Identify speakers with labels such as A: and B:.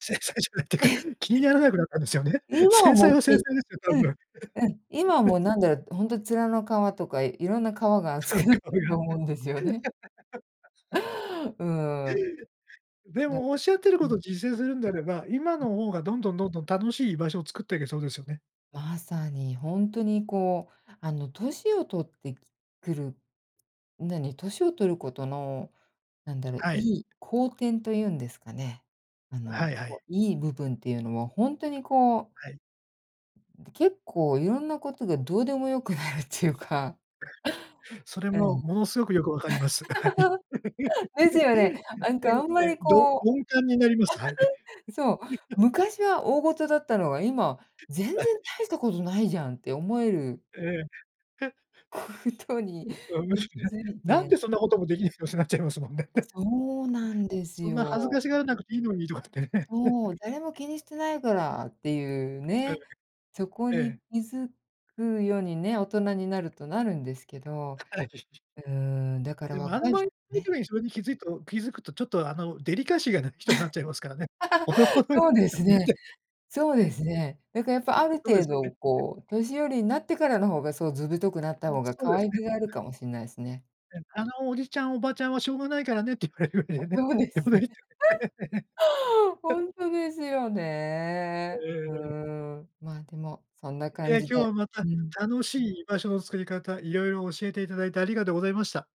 A: 繊細じゃないって か、
B: え。
A: 気にならなくなったんですよね。
B: 今は
A: 繊
B: も
A: 細
B: う
A: は
B: は
A: 繊
B: い、
A: 細ですよ、多
B: うん、
A: 分。
B: うん、今はも うなんだろう、ほんと面の皮とか、いろんな皮が
A: そ
B: 厚
A: んな
B: くなっ
A: こと
B: た
A: や
B: と思うんですよね。
A: って
B: うーん。
A: で
B: だ
A: も、おっしゃってる
B: う
A: こと
B: ん。
A: 実践するんであれば、今
B: うん。
A: の方が、どんどんどんどん楽しい居場所を作ってけそうですよね。
B: まさに、ほんとにこう、あの年を取ってきくる。何、年を取ることの、なんだろう、
A: はい。
B: いい好転というんですかね。あ
A: は
B: の、
A: いはい。
B: こういい部分っていうのは。ほんとにこう
A: はい。
B: 結構いろんなことが、どうでも良くなるっていうか。
A: それ
B: う
A: も、
B: ん。
A: ものすごくよく分かります。はい。
B: ですよ ね。
A: やっ
B: なん
A: て
B: か、あ
A: る
B: ん
A: っ
B: ま
A: て、
B: り
A: どど
B: こう
A: 鈍感になります。はい。
B: そう。昔は大事だったのが、今、全然
A: はい、
B: 大し
A: し
B: たことないじゃんって思える
A: ええ。へ。
B: 事に
A: う、あ、む
B: に
A: し
B: 気
A: ろね。
B: づい
A: なん
B: て。
A: でそんなこともできないの、ってなっちゃいますもんね。
B: そうなんです
A: そんな恥ず
B: よ。
A: かしがらなくていいのに、とかってね。
B: そう、誰も気にしてないから、っていう
A: うん。
B: ね。そこ
A: え
B: に
A: え。
B: 気づくようにね、大人になると、なるんですけど。
A: あ、はい。
B: うん、だから
A: でも、あん
B: 若い
A: ま
B: し、
A: りみき
B: ね。
A: めに正直気づいと気づくと、ちょっとあの、デリカシーがない人になっちゃいますからね。ほどほ どに、
B: そうで
A: ま、
B: す
A: みなき
B: ね。
A: ゃね。
B: そう
A: うん。
B: で
A: ん、
B: すね。だからやっぱ、ある
A: そうです
B: 程
A: よね。
B: 度
A: へ。
B: こう、年寄りになってからの方が、そう図太くなっ
A: う
B: た
A: ん、
B: 方が、
A: そう
B: 可
A: です
B: 愛
A: ね。
B: げがあ
A: う
B: る
A: ん。
B: かもしんないですね。
A: うん、あのおじちゃんおばちゃんは、しょうがないからねって言われるんだ
B: あ、
A: よね。
B: そうです
A: [unintelligible] だよ
B: ね。
A: ね。
B: ほ んとですよね。
A: えええ
B: うー
A: え。
B: ん、ま、でもそんな感
A: え。
B: じで。
A: 今日はまた
B: うん。
A: 楽しい居場所の作り方、色々教えていただいてありがとうございました。